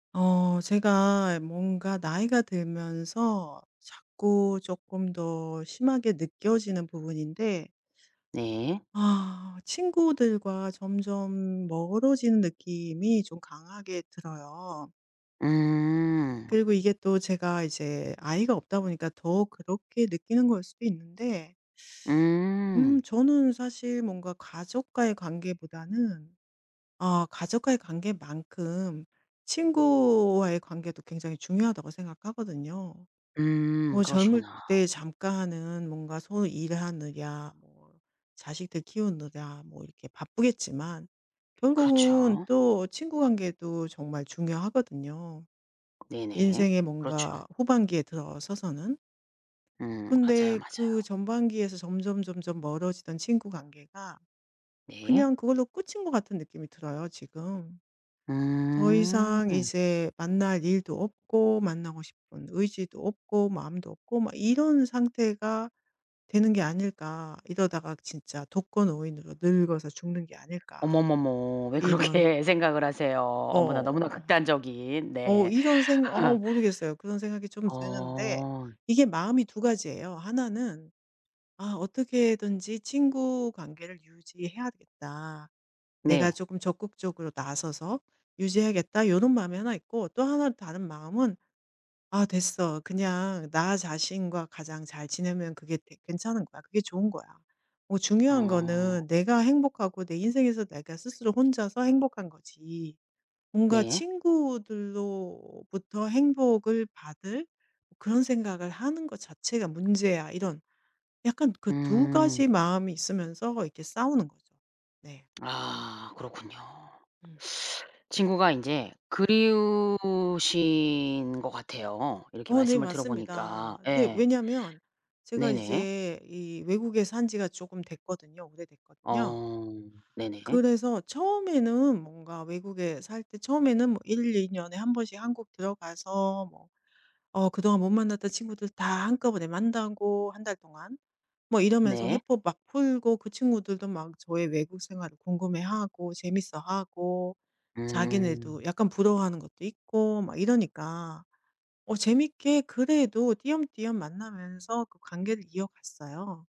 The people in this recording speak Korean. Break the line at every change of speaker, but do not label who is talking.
어 제가 뭔가 나이가 들면서 자꾸 쪼끔 더 심하게 느껴지는 부분인데
네.
아 친구들과 점점 멀어지는 느낌이 좀 강하게 들어요.
음.
그리고 이게 또 제가 이제 아이가 없다 보니까 더 그렇게 느끼는 거일 수도 있는데 음
음.
저는 사실 뭔가 가족과의 관계보다는 아 '가족과의 관계만큼 친구와의 관계도 굉장히 중요하다.'고 생각하거든요.
음.
뭐 젊을
그러시구나.
때 잠깐 하는 뭔가 소위 일하느냐 뭐 자식들 키우느냐 뭐 이렇게 바쁘겠지만 결국은
그렇죠.
또 친구 관계도 정말 중요하거든요,
네네.
인생의
그렇죠.
뭔가 후반기에 들어서서는.
음. 맞아요,
근데 그
맞아요.
전반기에서 점점점점 멀어지던 친구 관계가
네.
그냥 그걸로 끝인 것 같은 느낌이 들어요, 지금. '더
음.
이상 이제 만날 일도 없고 만나고 싶은 의지도 없고 마음도 없고 막 이런 상태가 되는 게 아닐까. 이러다가 진짜 독거노인으로 늙어서 죽는 게 아닐까.'
어머머머. 왜
이런.
그렇게 생각을 하세요? 어머나 너무나
어.
극단적인.
어
네.
이런 생각 어 모르겠어요. 그런 생각이 좀 드는데
어.
이게 마음이 2 가지예요. 하나는 '아 어떻게든지 친구 관계를 유지해야겠다. 내가
네.
쪼금 적극적으로 나서서 유지하겠다.' 요런 마음이 하나 있고 또 하나 다른 마음은 '아 됐어. 그냥 나 자신과 가장 잘 지내면 그게 되 괜찮은 거야. 그게 좋은 거야. 뭐 중요한
어.
거는 내가 행복하고 내 인생에서 내가 스스로 혼자서 행복한 거지, 뭔가
네.
친구들로부터 행복을 받을 그런 생각을 하는 것 자체가 문제야.' 이런 약간 그 2
음.
가지 마음이 있으면서 이렇게 싸우는 거죠. 네.
아 그렇군요.
음.
친구가 인제 그리우신 것 같아요, 이렇게
어 네.
말씀을 들어보니까.
맞습니다. 네.
예.
왜냐면 제가
네네.
이제 이 외국에 산 지가 쪼금 됐거든요. 오래됐거든요.
어 네네.
그래서 처음에는 뭔가 외국에 살 때 처음에는 뭐 1-2 년에 1 번씩 한국 들어가서 뭐 어 그동안 못 만났던 친구들 다 한꺼번에 만나고 1 달 동안. 뭐 이러면서
네.
회포 막 풀고 그 친구들도 막 저의 외국 생활을 궁금해하고 재밌어하고 자기네도
음.
약간 부러워하는 것도 있고 막 이러니까 어 재밌게 그래도 띄엄띄엄 만나면서 그 관계를 이어갔어요.